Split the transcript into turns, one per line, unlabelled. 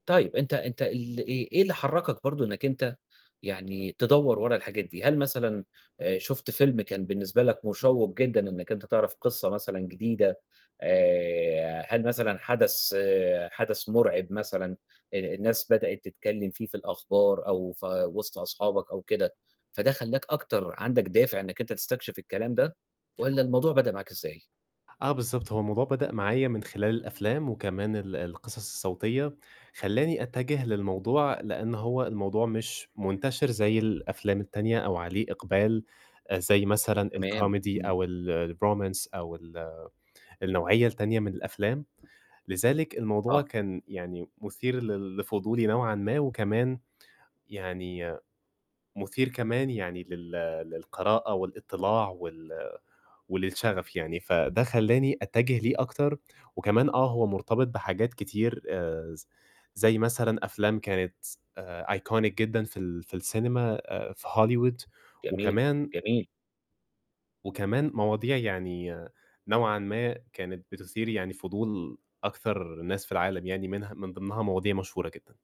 طيب أنت أنت ال إيه إيه اللي حرّكك برضه إنّك أنت يعني تدوّر ورا الحاجات دي؟ هل مثلًا آآ، شُفت فيلم كان بالنسبة لك مشوّق جدًا إنّك أنت تعرف قصّة مثلًا جديدة، آآ، هل مثلًا حَدَث حَدَث مرعب مثلًا، ال الناس بدأت تتكلّم فيه في الأخبار أو في وِسط أصحابك أو كده فده خلّاك أكتر عندك دافع إنّك أنت تستكشف الكلام ده والَّا الموضوع بدأ معاك إزاي؟
آه بالضبط، هو الموضوع بدأ معايا من خلال الأفلام وكمان ال القصص الصوتية، خلّاني أتجّه للموضوع لإن هو الموضوع مش منتشر زي الأفلام التانية، أو عليه إقبال آآ، زي مثلًا
تمام،
الكوميدي
إمم.
أو ال الرومانس أو ال النوعية التانية من الأفلام. لذلك الموضوع
آه.
كان يعني مُثير لل لفضولي نوعًا ما، وكمان يعني مُثير كمان يعني لل للقراءة والإطلاع وال وللشغف يعني. فده خلّاني أتجّه ليه أكتر وكمان آه، هو مرتبط بحاجات كتير، آآ، ز زي مثلًا أفلام كانت آآ، iconic جدًا في ال في السينما، في هوليوود
جميل،
وكمان
جميل.
وكمان مواضيع يعني نوعًا ما، كانت بتُثير يعني فضول أكثر الناس في العالم، يعني منها من ضِمنها مواضيع مشهورة جدًا.